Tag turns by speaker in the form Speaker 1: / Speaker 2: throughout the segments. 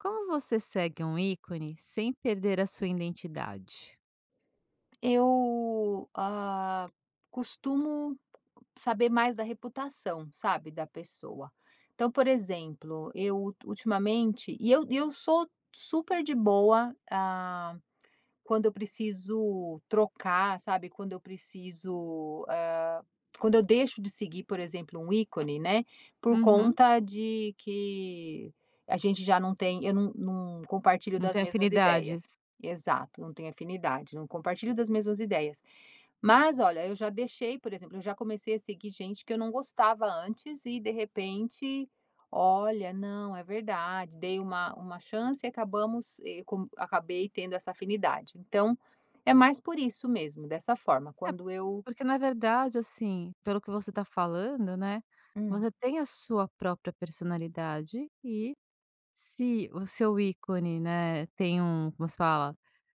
Speaker 1: Como você segue um ícone sem perder a sua identidade?
Speaker 2: Eu, hã, costumo saber mais da reputação, sabe, da pessoa. Então, por exemplo, eu ul ultimamente e eu eu sou super de boa, ah, quando eu preciso trocar, sabe? Quando eu preciso hã quando eu deixo de seguir, por exemplo, um ícone, né? Por
Speaker 1: Uhum.
Speaker 2: conta de que a gente já não tem eu não não compartilho
Speaker 1: Não
Speaker 2: das
Speaker 1: tem
Speaker 2: mesmas ideias.
Speaker 1: afinidades.
Speaker 2: Exato, não tenho afinidade, não compartilho das mesmas ideias. Mas, olha, eu já deixei por exemplo, eu já comecei a seguir gente que eu não gostava antes e de repente, olha, não, é verdade, dei uma uma chance e acabamos, e com acabei tendo essa afinidade. Então, é mais por isso mesmo, dessa forma,
Speaker 1: É,
Speaker 2: quando eu
Speaker 1: porque na verdade, assim, pelo que você tá falando, né,
Speaker 2: Hum.
Speaker 1: você tem a sua própria personalidade e, se o seu ícone, né, tem um como se fala?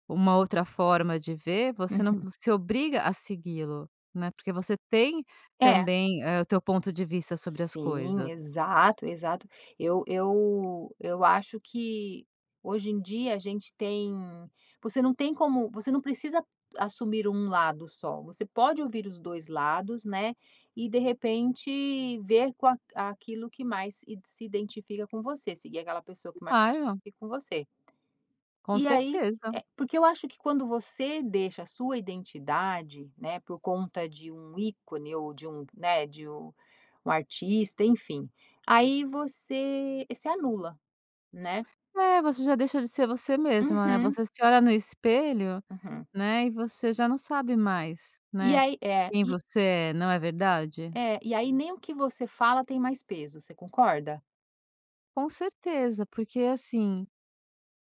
Speaker 1: Uma outra forma de ver, você não
Speaker 2: Uhum.
Speaker 1: se obriga a segui-lo, né, porque você tem
Speaker 2: É.
Speaker 1: também eh o teu ponto de vista sobre as
Speaker 2: Sim,
Speaker 1: coisas.
Speaker 2: exato, exato. Eu eu eu acho que hoje em dia a gente tem você não tem como você não precisa assumir 1 lado só, você pode ouvir os 2 lados, né, e de repente ver com a aquilo que mais s se identifica com você. Seguir aquela pessoa que mais se
Speaker 1: Claro.
Speaker 2: identifica com você.
Speaker 1: Com
Speaker 2: E aí
Speaker 1: certeza.
Speaker 2: eh, porque eu acho que quando você deixa a sua identidade, né, por conta de um ícone ou de um né, de u um artista, enfim, aí você se anula, né?
Speaker 1: É. Você já deixou de ser você mesma, né,
Speaker 2: Uhum.
Speaker 1: você se olha no espelho,
Speaker 2: Uhum.
Speaker 1: né, e você já não sabe mais,
Speaker 2: E
Speaker 1: né,
Speaker 2: aí é
Speaker 1: quem
Speaker 2: e
Speaker 1: você é. Não é verdade?
Speaker 2: É. E aí nem o que você fala tem mais peso, você concorda?
Speaker 1: Com certeza. Porque, assim,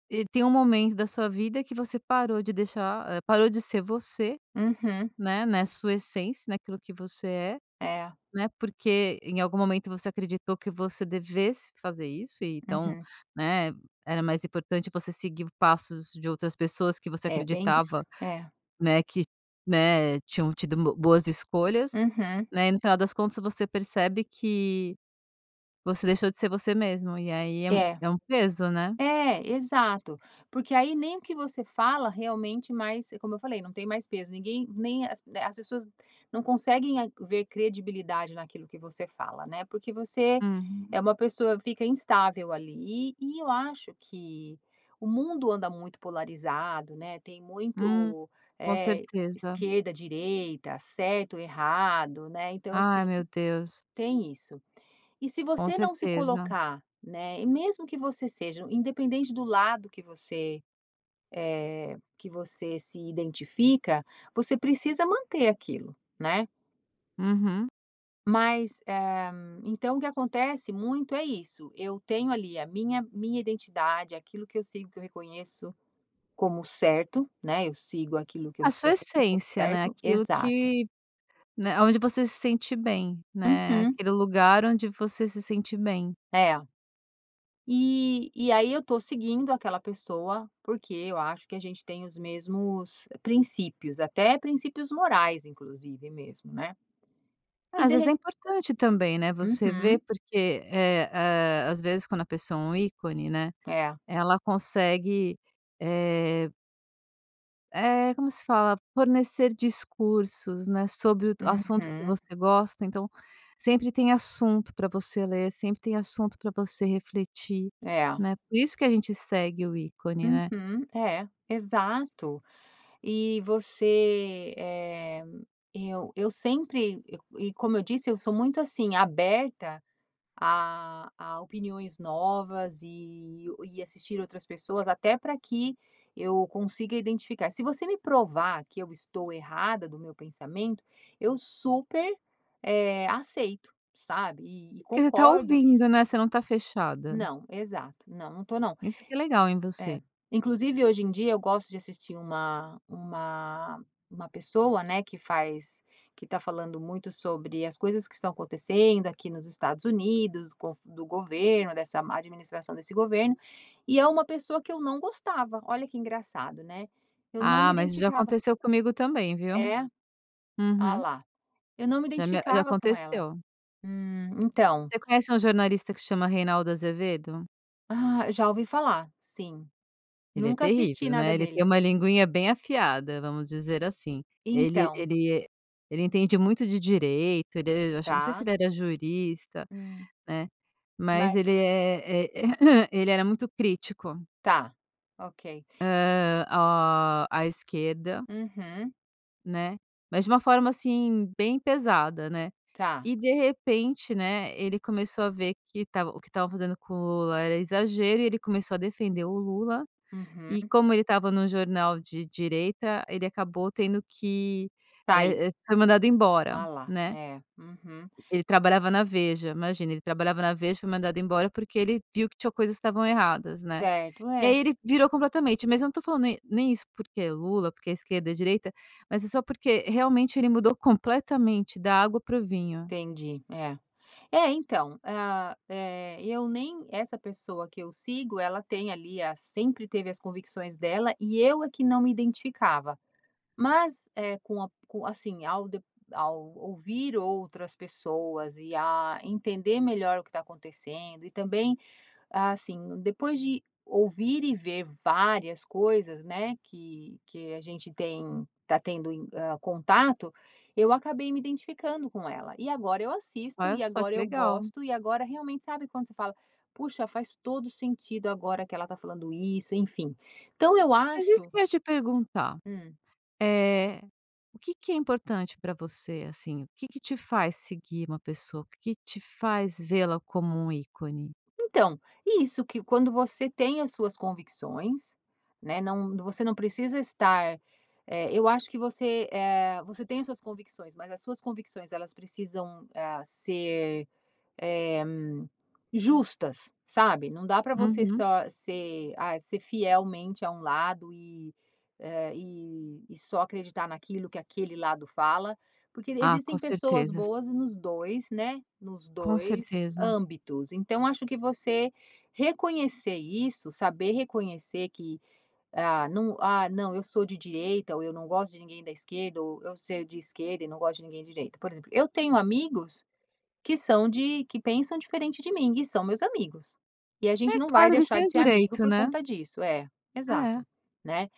Speaker 1: e tem um momento da sua vida que você parou de deixar ah parou de ser você,
Speaker 2: Uhum.
Speaker 1: né? Na sua essência, naquilo que você é,
Speaker 2: É.
Speaker 1: né? Porque em algum momento você acreditou que você devesse fazer isso e então,
Speaker 2: Uhum.
Speaker 1: né, era mais importante você seguir passos de outras pessoas que você
Speaker 2: É, bem isso.
Speaker 1: acreditava,
Speaker 2: É.
Speaker 1: né, que, né, tinham tido bo boas escolhas,
Speaker 2: Uhum.
Speaker 1: né? E no final das contas você percebe que você deixou de ser você mesmo e aí é um
Speaker 2: É.
Speaker 1: é um peso, né?
Speaker 2: É, exato. Porque aí nem o que você fala realmente mais como eu falei, não tem mais peso. Ninguém nem as as pessoas não conseguem ver credibilidade naquilo que você fala, né, porque você é
Speaker 1: Uhum.
Speaker 2: uma pessoa, fica instável ali e e eu acho que o mundo anda muito polarizado, né? Tem
Speaker 1: Hum.
Speaker 2: muito,
Speaker 1: Com
Speaker 2: eh,
Speaker 1: certeza.
Speaker 2: esquerda, direita, certo e errado, né, então assim,
Speaker 1: Ai meu Deus.
Speaker 2: tem isso. E se
Speaker 1: Com
Speaker 2: você não se
Speaker 1: certeza.
Speaker 2: colocar, né e mesmo que você seja independente do lado que você, eh, que você se identifica, você precisa manter aquilo, né?
Speaker 1: Uhum.
Speaker 2: Mas eh, então o que acontece muito é isso: eu tenho ali a minha minha identidade, aquilo que eu sigo, que eu reconheço como certo, né? Eu sigo aquilo que eu
Speaker 1: A sua
Speaker 2: reconheço como
Speaker 1: essência, né?
Speaker 2: certo.
Speaker 1: Aquilo
Speaker 2: Exato.
Speaker 1: que, né aonde você se sente bem, né?
Speaker 2: Uhum.
Speaker 1: Aquele lugar onde você se sente bem.
Speaker 2: É. E e aí eu tô seguindo aquela pessoa, porque eu acho que a gente tem os mesmos princípios, até princípios morais inclusive mesmo, né? E
Speaker 1: Às vezes é
Speaker 2: derre
Speaker 1: importante também, né, você ver,
Speaker 2: Uhum.
Speaker 1: porque eh, ah, às vezes quando a pessoa é um ícone, né,
Speaker 2: É.
Speaker 1: ela consegue, eh eh, como se fala? Fornecer discursos, né, sobre d o assunto que
Speaker 2: Uhum.
Speaker 1: você gosta. Então sempre tem assunto pra você ler, sempre tem assunto pra você refletir,
Speaker 2: É.
Speaker 1: né? Por isso que a gente segue o ícone, né?
Speaker 2: Uhum. É. Exato. E você eh eu eu sempre e e como eu disse eu sou muito, assim, aberta a a opiniões novas e e assistir outras pessoas, até pra que eu consiga identificar se você me provar que eu estou errada do meu pensamento, eu super, eh, aceito, sabe? E e
Speaker 1: Porque você tá
Speaker 2: concordo
Speaker 1: ouvindo,
Speaker 2: isso.
Speaker 1: né? Você não tá fechada.
Speaker 2: Não. Exato. Não, não tô não.
Speaker 1: Isso que é legal em você.
Speaker 2: É. Inclusive, hoje em dia eu gosto de assistir uma uma uma pessoa, né, que faz que tá falando muito sobre as coisas que estão acontecendo aqui nos Estados Unidos, com o do governo, dessa má administração desse governo. E é uma pessoa que eu não gostava. Olha que engraçado, né? Eu não
Speaker 1: Ah,
Speaker 2: me
Speaker 1: mas já
Speaker 2: identificava.
Speaker 1: aconteceu comigo também, viu?
Speaker 2: É? Ah
Speaker 1: Uhum.
Speaker 2: lá. Eu não me
Speaker 1: Já me já
Speaker 2: identificava com ela.
Speaker 1: aconteceu.
Speaker 2: Hum. Então.
Speaker 1: Você conhece um jornalista que chama Reinaldo Azevedo?
Speaker 2: Ah, já ouvi falar. Sim.
Speaker 1: Ele é
Speaker 2: Nunca assisti
Speaker 1: terrível,
Speaker 2: nada
Speaker 1: né? Ele tem
Speaker 2: dele.
Speaker 1: uma linguinha bem afiada, vamos dizer assim. Ele
Speaker 2: Então.
Speaker 1: ele ele entende muito de direito, ele acho que não sei se
Speaker 2: Tá.
Speaker 1: ele era jurista,
Speaker 2: Hum.
Speaker 1: né, mas ele
Speaker 2: Mas
Speaker 1: é é ele era muito crítico.
Speaker 2: Tá. Ok.
Speaker 1: Hã, o a esquerda.
Speaker 2: Uhum.
Speaker 1: Né? Mas de uma forma assim, bem pesada, né?
Speaker 2: Tá.
Speaker 1: E de repente, né, ele começou a ver que tava o que tava fazendo com o Lula era exagero e ele começou a defender o Lula.
Speaker 2: Uhum.
Speaker 1: E como ele tava no jornal de direita ele acabou tendo que,
Speaker 2: Sair.
Speaker 1: eh eh foi mandado embora,
Speaker 2: Alá,
Speaker 1: né.
Speaker 2: eh. Uhum.
Speaker 1: Ele trabalhava na Veja, imagina, ele trabalhava na Veja e foi mandado embora porque ele viu que tinham coisas que estavam erradas, né?
Speaker 2: Certo.
Speaker 1: E
Speaker 2: É.
Speaker 1: aí ele virou completamente. Mas eu não estou falando nem nem isso porque é Lula, porque é esquerda e direita, mas é só porque realmente ele mudou completamente da água para o vinho.
Speaker 2: Entendi, é. É, então, ah, eh, eu nem essa pessoa que eu sigo, ela tem ali a sempre teve as convicções dela, e eu é que não me identificava. Mas, eh, com a com a assim, ao ao ouvir outras pessoas e a entender melhor o que está acontecendo e também assim, depois de ouvir e ver várias coisas, né? Que que a gente tem tá tendo, ah, contato eu acabei me identificando com ela. E agora eu assisto,
Speaker 1: Olha
Speaker 2: e
Speaker 1: só
Speaker 2: agora
Speaker 1: que
Speaker 2: eu
Speaker 1: legal.
Speaker 2: gosto, e agora realmente sabe quando você fala: "Puxa, faz todo o sentido agora que ela tá falando isso", enfim, então eu
Speaker 1: Mas isso
Speaker 2: acho
Speaker 1: que eu ia te perguntar.
Speaker 2: Hum.
Speaker 1: eh. O que que é importante pra você, assim? O que que te faz seguir uma pessoa? O que que te faz vê-la como um ícone?
Speaker 2: Então, isso que quando você tem as suas convicções, né. Não você não precisa estar, eh, eu acho que você, eh, você tem as suas convicções, mas as suas convicções elas precisam, ah, ser, eh, justas, sabe? Não dá pra você
Speaker 1: Uhum.
Speaker 2: só ser, ah, ser fielmente a um lado e, ah, e e só acreditar naquilo que aquele lado fala, porque
Speaker 1: Ah, com
Speaker 2: existem pessoas
Speaker 1: certezas.
Speaker 2: boas nos 2, né, nos
Speaker 1: Com
Speaker 2: 2
Speaker 1: certeza.
Speaker 2: âmbitos. Então acho que você reconhecer isso, saber reconhecer que, ah, hum, ah, não, eu sou de direita, ou eu não gosto de ninguém da esquerda ou eu sou de esquerda e não gosto de ninguém de direita. Por exemplo, eu tenho amigos, que são de que pensam diferente de mim e são meus amigos. E a
Speaker 1: É
Speaker 2: gente num vai
Speaker 1: claro, eles
Speaker 2: deixar
Speaker 1: têm o
Speaker 2: de ser amigo
Speaker 1: direito,
Speaker 2: por
Speaker 1: né?
Speaker 2: conta disso. É.
Speaker 1: É.
Speaker 2: Exato. Né?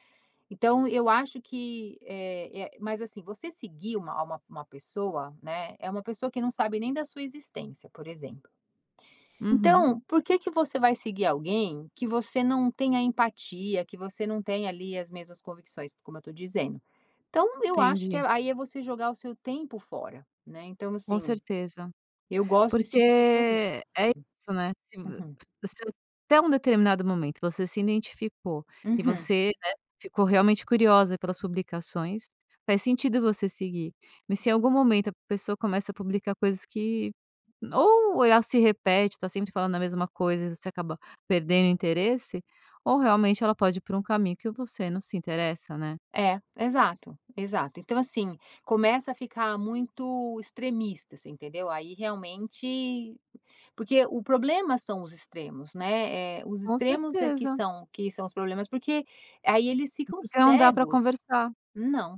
Speaker 2: Então eu acho que, eh eh mas assim você seguir uma uma uma pessoa, né, é uma pessoa que não sabe nem da sua existência, por exemplo.
Speaker 1: Uhum.
Speaker 2: Então, por que que você vai seguir alguém que você não tenha empatia, que você não tenha ali as mesmas convicções? Como eu estou dizendo. Então, eu acho que
Speaker 1: Entendi.
Speaker 2: aí é você jogar o seu tempo fora, né? Então,
Speaker 1: Com
Speaker 2: assim,
Speaker 1: certeza.
Speaker 2: eu gosto de
Speaker 1: Porque
Speaker 2: seguir pessoas isso.
Speaker 1: é
Speaker 2: Sim.
Speaker 1: isso, né. Se
Speaker 2: Uhum.
Speaker 1: [unintelligible] Até um determinado momento você se identificou e
Speaker 2: Uhum.
Speaker 1: você, né, ficou realmente curiosa pelas publicações, faz sentido você seguir. Mas se em algum momento a pessoa começa a publicar coisas que ou ela se repete, está sempre falando a mesma coisa e você acaba perdendo o interesse ou realmente ela pode ir pra um caminho que você não se interessa, né?
Speaker 2: É. Exato, exato. Então assim, começa a ficar muito extremista, você entendeu? Aí realmente porque o problema são os extremos, né? Eh. Os
Speaker 1: Com
Speaker 2: extremos é que
Speaker 1: certeza.
Speaker 2: são que são os problemas, porque aí eles ficam
Speaker 1: Porque não dá pra
Speaker 2: cegos.
Speaker 1: conversar.
Speaker 2: Não,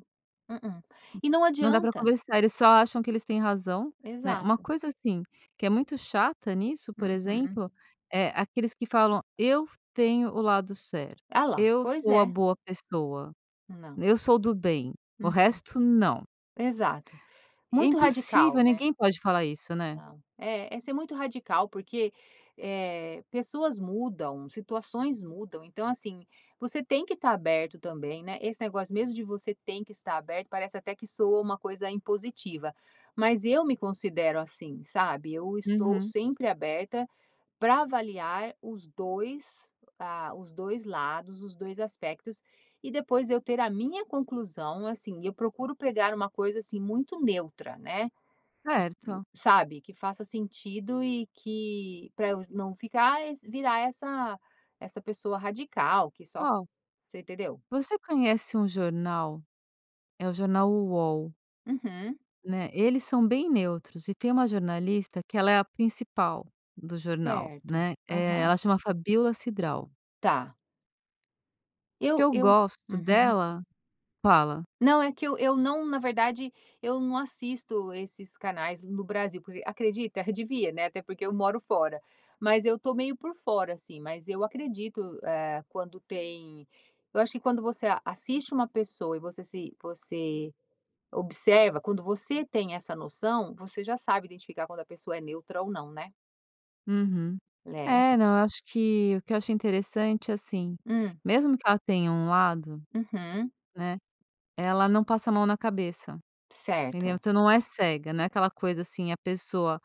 Speaker 2: mm-mm. E não
Speaker 1: Não dá pra
Speaker 2: adianta.
Speaker 1: conversar eles só acham que eles têm razão, né. Uma
Speaker 2: Exato.
Speaker 1: coisa assim, que é muito chata nisso, por
Speaker 2: Uhum.
Speaker 1: exemplo, é, aqueles que falam eu tenho o lado certo,
Speaker 2: Alá.
Speaker 1: eu
Speaker 2: Pois
Speaker 1: sou a
Speaker 2: é.
Speaker 1: boa pessoa,
Speaker 2: Não.
Speaker 1: eu sou do bem, o
Speaker 2: Uhum.
Speaker 1: resto não.
Speaker 2: Exato.
Speaker 1: E é
Speaker 2: Muito radical,
Speaker 1: impossível
Speaker 2: né?
Speaker 1: ninguém pode falar isso, né?
Speaker 2: Ah. Eh. É muito radical porque, eh, pessoas mudam, situações mudam, então assim, você tem que tá aberto também, né? Esse negócio mesmo de você tem que estar aberto, parece até que soa uma coisa impositiva, mas eu me considero assim, sabe? Eu estou
Speaker 1: Uhum.
Speaker 2: sempre aberta pra avaliar os 2, ah, os 2 lados, os 2 aspectos e depois eu ter a minha conclusão. Assim eu procuro pegar uma coisa, assim, muito neutra né? Que
Speaker 1: Certo.
Speaker 2: sabe, que faça sentido e que pra eu não ficar virar essa essa pessoa radical que só
Speaker 1: Qual?
Speaker 2: Você entendeu?
Speaker 1: Você conhece um jornal É o jornal Uol.
Speaker 2: Uhum.
Speaker 1: Né, eles são bem neutros. E tem uma jornalista que ela é a principal do jornal,
Speaker 2: Certo.
Speaker 1: né. Eh,
Speaker 2: Aham.
Speaker 1: ela chama Fabíola Cidral.
Speaker 2: Tá.
Speaker 1: O que
Speaker 2: Eu
Speaker 1: eu
Speaker 2: eu
Speaker 1: gosto
Speaker 2: uhum.
Speaker 1: dela fala.
Speaker 2: Não, é que eu eu não na verdade, eu não assisto esses canais no Brasil, porque acredita? Eu devia, né? Até porque eu moro fora. Mas eu tô meio por fora, assim, mas eu acredito, eh, quando tem eu acho que quando você a assiste uma pessoa e você se você observa quando você tem essa noção, você já sabe identificar quando a pessoa é neutra ou não, né?
Speaker 1: Uhum.
Speaker 2: Né, entã
Speaker 1: É, não, eu acho que o que eu achei interessante, assim
Speaker 2: Hum.
Speaker 1: mesmo que ela tenha um lado,
Speaker 2: Uhum.
Speaker 1: né, ela não passa a mão na cabeça, entendeu?
Speaker 2: Certo.
Speaker 1: Então não é cega. Não é aquela coisa assim: "A pessoa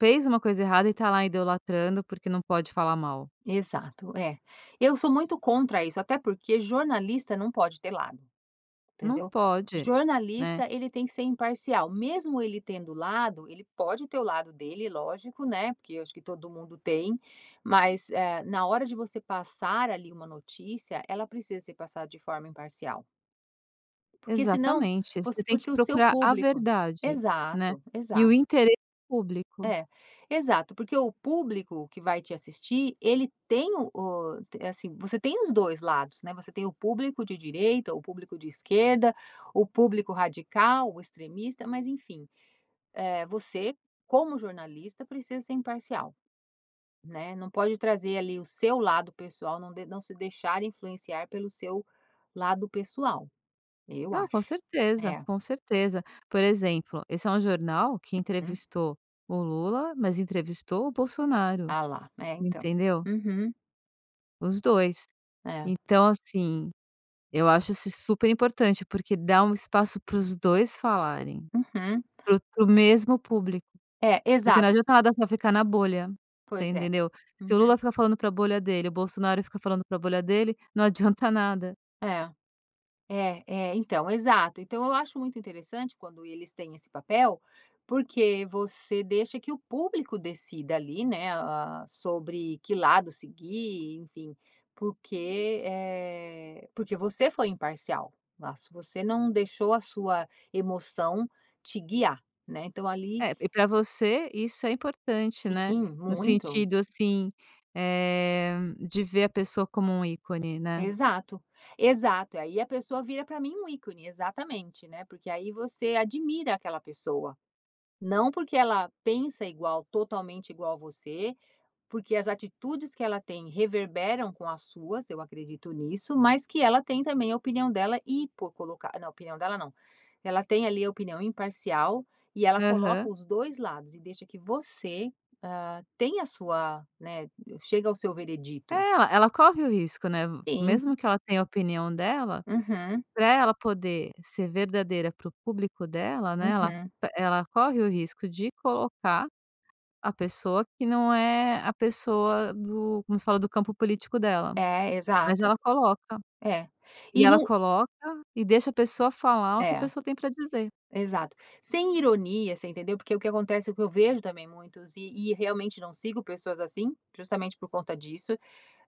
Speaker 1: fez uma coisa errada e tá lá idolatrando, porque não pode falar mal."
Speaker 2: Exato. É. Eu sou muito contra isso, até porque jornalista não pode ter lado,
Speaker 1: Não
Speaker 2: entendeu?
Speaker 1: pode, né?
Speaker 2: Jornalista, ele tem que ser imparcial, mesmo ele tendo lado ele pode ter o lado dele, lógico, né, porque eu acho que todo mundo tem. Mas, eh, na hora de você passar ali uma notícia, ela precisa ser passada de forma imparcial. Porque senão
Speaker 1: Exatamente,
Speaker 2: por
Speaker 1: você tem que
Speaker 2: porque o seu
Speaker 1: procurar a
Speaker 2: público
Speaker 1: verdade, né?
Speaker 2: Exato,
Speaker 1: E o
Speaker 2: exato.
Speaker 1: interesse público.
Speaker 2: É. Exato, porque o público que vai te assistir ele tem o o é assim você tem os 2 lados, né, você tem o público de direita, o público de esquerda, o público radical, o extremista. Mas enfim, eh, você como jornalista precisa ser imparcial, né? Não pode trazer ali o seu lado pessoal, não de não se deixar influenciar pelo seu lado pessoal. Eu
Speaker 1: Não, com
Speaker 2: acho.
Speaker 1: certeza,
Speaker 2: É.
Speaker 1: com certeza. Por exemplo, esse é um jornal que
Speaker 2: Uhum.
Speaker 1: entrevistou o Lula, mas entrevistou o Bolsonaro.
Speaker 2: Ah lá. É, então.
Speaker 1: Entendeu?
Speaker 2: Uhum.
Speaker 1: Os 2.
Speaker 2: É.
Speaker 1: Então, assim, eu acho is isso super importante, porque dá um espaço pros 2 falarem.
Speaker 2: Uhum.
Speaker 1: Pro pro mesmo público
Speaker 2: É,
Speaker 1: porque não
Speaker 2: exato.
Speaker 1: adianta nada só ficar na bolha, te
Speaker 2: Pois é.
Speaker 1: entendeu? Se o
Speaker 2: Uhum.
Speaker 1: Lula fica falando pra bolha dele e o Bolsonaro fica falando pra bolha dele, não adianta nada.
Speaker 2: É. É é, Então, exato! Então eu acho muito interessante quando eles têm esse papel, porque você deixa que o público decida ali, né, ah, sobre que lado seguir, enfim. Porque, eh, porque você foi imparcial lá, se você não deixou a sua emoção te guiar, né, então ali
Speaker 1: É, e pra você isso é importante, né?
Speaker 2: Sim,
Speaker 1: No
Speaker 2: muito.
Speaker 1: sentido, assim, eh, de ver a pessoa como ícone, né?
Speaker 2: Exato. Exato! Aí a pessoa vira pra mim um ícone, exatamente, né, porque aí você admira aquela pessoa. Não porque ela pensa igual, totalmente igual a você, porque as atitudes que ela tem reverberam com as suas, eu acredito nisso, mas que ela tem também a opinião dela e por colocar não, opinião dela não. Ela tem ali a opinião imparcial e ela coloca
Speaker 1: Aham.
Speaker 2: os 2 lados e deixa que você, ah, tenha a sua, né, chega ao seu
Speaker 1: É,
Speaker 2: veredito.
Speaker 1: ela ela corre o risco, né?
Speaker 2: Sim
Speaker 1: Mesmo que ela tenha a opinião dela,
Speaker 2: Uhum.
Speaker 1: pra ela poder ser verdadeira pro público dela, né, ela
Speaker 2: Uhum.
Speaker 1: ela corre o risco de colocar a pessoa que não é a pessoa do como se fala? Do campo político dela.
Speaker 2: É,
Speaker 1: Mas
Speaker 2: exato.
Speaker 1: ela coloca.
Speaker 2: É.
Speaker 1: E
Speaker 2: E
Speaker 1: ela
Speaker 2: no
Speaker 1: coloca e deixa a pessoa falar o que a
Speaker 2: É,
Speaker 1: pessoa tem pra dizer.
Speaker 2: exato. Sem ironia, você entendeu? Porque o que acontece é o que eu vejo também muitos e e realmente não sigo pessoas assim, justamente por conta disso.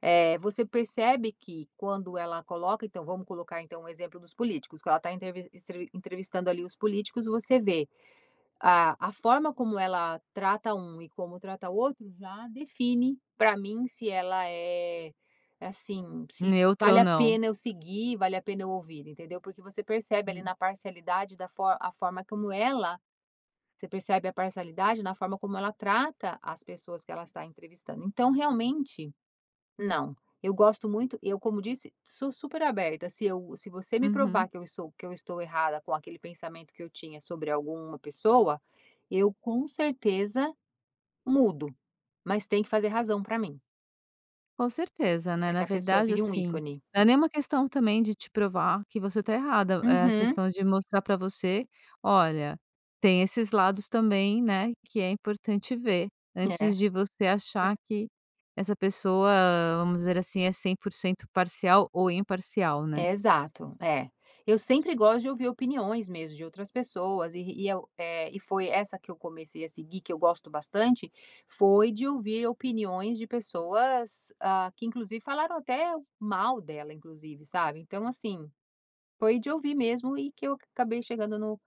Speaker 2: Eh, você percebe que quando ela coloca, então vamos colocar então o exemplo dos políticos que ela tá entrevis entre entrevistando ali os políticos. Você vê a a forma como ela trata 1 e como trata o outro, já define, pra mim, se ela é assim, se
Speaker 1: Neutra ou
Speaker 2: vale a
Speaker 1: não.
Speaker 2: pena eu seguir, vale a pena eu ouvir, entendeu? Porque você percebe ali
Speaker 1: Hum.
Speaker 2: na parcialidade da a forma como ela você percebe a parcialidade na forma como ela trata as pessoas que ela está entrevistando. Então, realmente, não eu gosto muito eu como disse sou super aberta. Se eu se você me
Speaker 1: Uhum.
Speaker 2: provar que eu estou que eu estou errada com aquele pensamento que eu tinha sobre alguma pessoa, eu com certeza mudo, mas tem que fazer razão pra mim.
Speaker 1: Com certeza, né?
Speaker 2: Pra que
Speaker 1: Na
Speaker 2: a pessoa
Speaker 1: verdade,
Speaker 2: vire
Speaker 1: assim,
Speaker 2: ícone.
Speaker 1: não é nem uma questão também de te provar que você tá errada. É a
Speaker 2: Uhum.
Speaker 1: questão de mostrar pra você: "Olha, tem esses lados também, né, que é importante ver."
Speaker 2: É.
Speaker 1: Antes de você achar
Speaker 2: [unintelligible]
Speaker 1: que essa pessoa, vamos dizer assim, é 100% parcial ou imparcial, né?
Speaker 2: Exato, é. Eu sempre gosto de ouvir opiniões mesmo de outras pessoas e e eu, eh e foi essa que eu comecei a seguir, que eu gosto bastante foi de ouvir opiniões de pessoas, ah, que inclusive falaram até mal dela inclusive, sabe? Então, assim, foi de ouvir mesmo e que eu acabei chegando no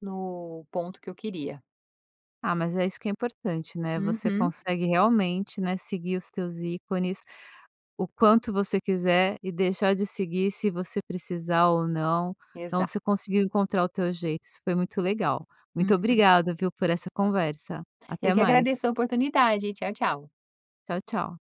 Speaker 2: no ponto que eu queria.
Speaker 1: Ah, mas é isso que é importante, né? Você
Speaker 2: Uhum.
Speaker 1: consegue realmente, né, seguir os teus ícones o quanto você quiser e deixar de seguir, se você precisar ou não. Então
Speaker 2: Exato.
Speaker 1: você conseguiu encontrar o teu jeito, isso foi muito legal. Muito
Speaker 2: Uhum.
Speaker 1: obrigado, viu, por essa conversa.
Speaker 2: Eu
Speaker 1: Até
Speaker 2: que
Speaker 1: mais.
Speaker 2: agradeço a oportunidade. Tchau, tchau.
Speaker 1: Tchau, tchau.